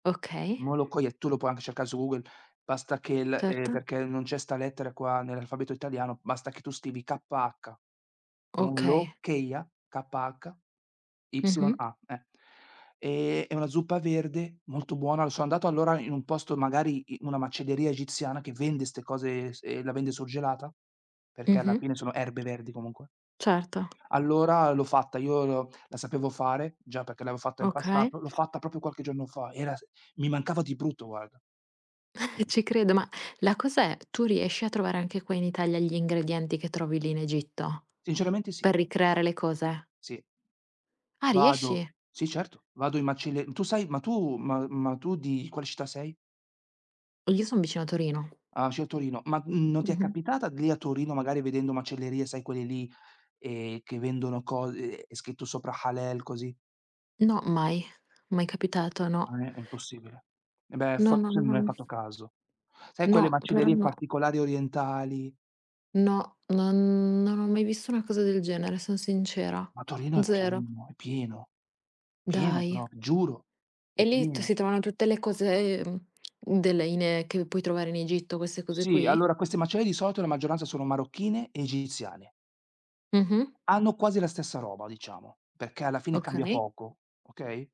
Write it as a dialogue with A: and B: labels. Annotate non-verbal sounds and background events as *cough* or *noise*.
A: Okay.
B: Molokhia tu lo po' anche cercare su Google, basta che l ehm,
A: Certo.
B: perché non c'è 'sta lettera qua, nell'alfabeto italiano, basta che tu scrivi "k-h".
A: Okay.
B: Molokhia, k-h-y-a,
A: Mh-mh.
B: eh. Ehm, è una zuppa verde, molto buona, sono andato, allora, in un posto magari, in una macelleria egiziana, che vende 'ste cose, e s e la vende surgelata, perché alla
A: Mh-mh.
B: fine sono erbe verdi comunque.
A: Certo.
B: Allora l'ho fatta, io la sapevo fare già, perché l'avevo fatta in
A: Okay.
B: passato, l'ho fatta proprio qualche giorno fa, era s mi mancava di brutto, guarda.
A: *chuckles* Ci credo, ma la cosa è: tu riesci a trovare anche qua in Italia, gli ingredienti che trovi lì in Egitto,
B: Sinceramente, sì.
A: per ricreare le cose?
B: Sì.
A: Ah,
B: Vado
A: riesci?
B: sì, certo. Vado in macelle tu sai ma tu ma ma tu, di quale città sei?
A: Io son vicino a Torino.
B: Ah, vicino Torino, ma non ti è
A: Mh-mh.
B: capitata lì a Torino, magari vedendo macellerie, sai, quelle lì, ehm, che vendono co ehm, è scritto sopra Halal, così?
A: No, mai. Mai capitato, no.
B: Ah, è è impossibile. E beh,
A: No,
B: forse non
A: non
B: hai fatto caso. Sai, quelle
A: No, però
B: macellerie
A: no.
B: particolari orientali?
A: No, non non ho mai visto una cosa del genere, sono sincera.
B: Ma Torino è
A: Zero.
B: pieno, è pieno. Pieno
A: Dai?
B: proprio, giuro, è
A: E lì t
B: pieno.
A: si trovano tutte le cose, uhm, della in che puoi trovare in Egitto queste cose
B: Sì,
A: qui?
B: allora, queste macelli di solito la maggioranza sono marocchine e egiziane.
A: Mh-mh.
B: Hanno quasi la stessa roba, diciamo, perché alla fine cambia
A: Okay.
B: poco, okay?